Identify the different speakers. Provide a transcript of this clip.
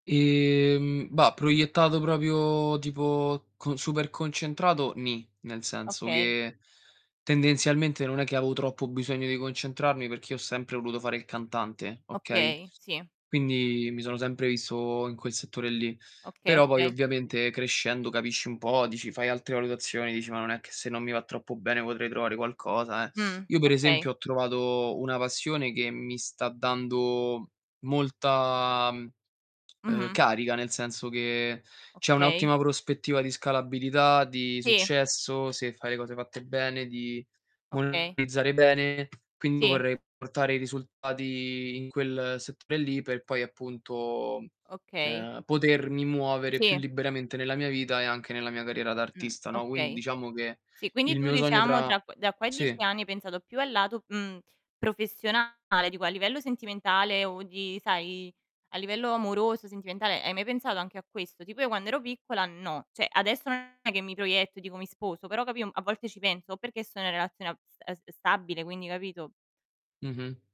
Speaker 1: Ehm, bah proiettato proprio tipo co super concentrato, nì, nel senso
Speaker 2: Okay.
Speaker 1: che tendenzialmente non è che avevo troppo bisogno di concentrarmi perché io ho sempre voluto fare il cantante, okay.
Speaker 2: Okay. Sì.
Speaker 1: Quindi mi sono sempre visto in quel settore lì,
Speaker 2: Okay.
Speaker 1: però poi
Speaker 2: Okay.
Speaker 1: ovviamente crescendo capisci un po', dici fai altre valutazioni, dici: "Ma non è che se non mi va troppo bene potrei trovare qualcosa, eh".
Speaker 2: Mh.
Speaker 1: Io per esempio
Speaker 2: Okay.
Speaker 1: ho trovato una passione che mi sta dando molta, mhmm,
Speaker 2: Mh-mh.
Speaker 1: carica, mhmm, ehm, nel senso che c'è
Speaker 2: Okay.
Speaker 1: un'ottima prospettiva di scalabilità, di
Speaker 2: Sì.
Speaker 1: successo se fai le cose fatte bene, di
Speaker 2: Okay.
Speaker 1: monetizzare bene, quindi
Speaker 2: Sì.
Speaker 1: vorrei portare i risultati in quel settore lì per poi appunto,
Speaker 2: Okay.
Speaker 1: ehm, potermi muovere più
Speaker 2: Sì.
Speaker 1: liberamente nella mia vita e anche nella mia carriera da
Speaker 2: Mh.
Speaker 1: artista, no. Quindi
Speaker 2: Okay.
Speaker 1: diciamo che
Speaker 2: Sì, quindi
Speaker 1: il
Speaker 2: tu
Speaker 1: mio sogno
Speaker 2: diciamo
Speaker 1: tra
Speaker 2: tra q da qua a 10
Speaker 1: sì.
Speaker 2: anni hai pensato più al lato, mhmm, professionale; dico a livello sentimentale o di sai a livello amoroso, sentimentale hai mai pensato anche a questo? Tipo io quando ero piccola no, cioè adesso non è che mi proietto e dico: "Mi sposo", però capì un a volte ci penso o perché sono in relazione ab ehm, s stabile quindi capito?
Speaker 1: Mh-mh.